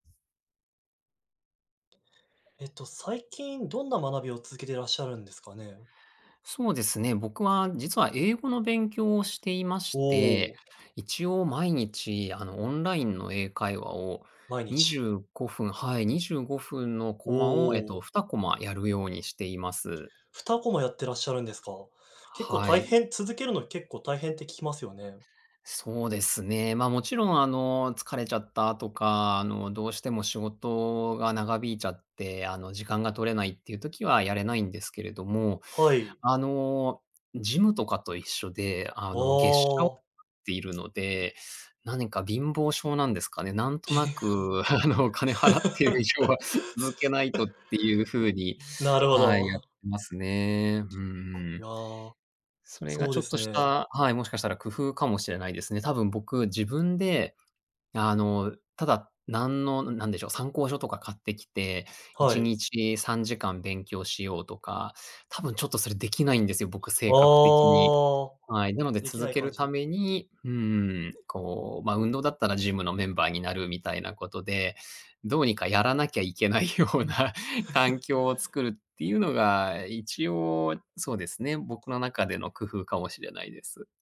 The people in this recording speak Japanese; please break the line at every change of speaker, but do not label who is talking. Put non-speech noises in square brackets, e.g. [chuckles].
ええと、最近どんな学びを続けていらっしゃるんですかね？
そうですね、僕は実は英語の勉強をしていま
お
して、
お。
一応毎日、あの、オンラインの英会話を、
毎
にじ
日。
ゅうご分はい、25分の
お
コマを、えっと、
お。
2コマやるようにしています。
2コマやってらっしゃるんですか？結構
は
大
い。
変続けるの結構大変って聞きますよね。
そうですね。ま、もちろん、あの、疲れちゃったとか、あの、どうしても仕事が長引いちゃって、あの、時間が取れないっていう時はやれないんですけれども、
はい。
あの、ジムとかと一緒で、あ
あ
の、月謝を払っ
あ。
ているので、何か貧乏性なんですかね、なんとなく、あの、お金払っている以
[chuckles]
上は続けないとっていうふうに、
なるほ
はい、やっ
ど。
てますね。うー
い
ん。
や、
それが
そう
ち
で
ょっ
す
とし
ね。
た、はい、もしかしたら工夫かもしれないですね。多分僕自分で、あの、ただ何の何でしょう、参考書とか買ってきて、い
は
ち
い。
にち3時間勉強しようとか、多分ちょっとそれできないんですよ、僕
あ
性格的に。
あ、
はい。なので、
でき
続
ない
け
感
る
じ
た
で。
めに、うーん、こう、ま、運動だったらジムのメンバーになるみたいなことで、どうにかやらなきゃいけないような環境を
[chuckles]
作るっていうのが、一応そうですね、僕の中での工夫かもしれないです。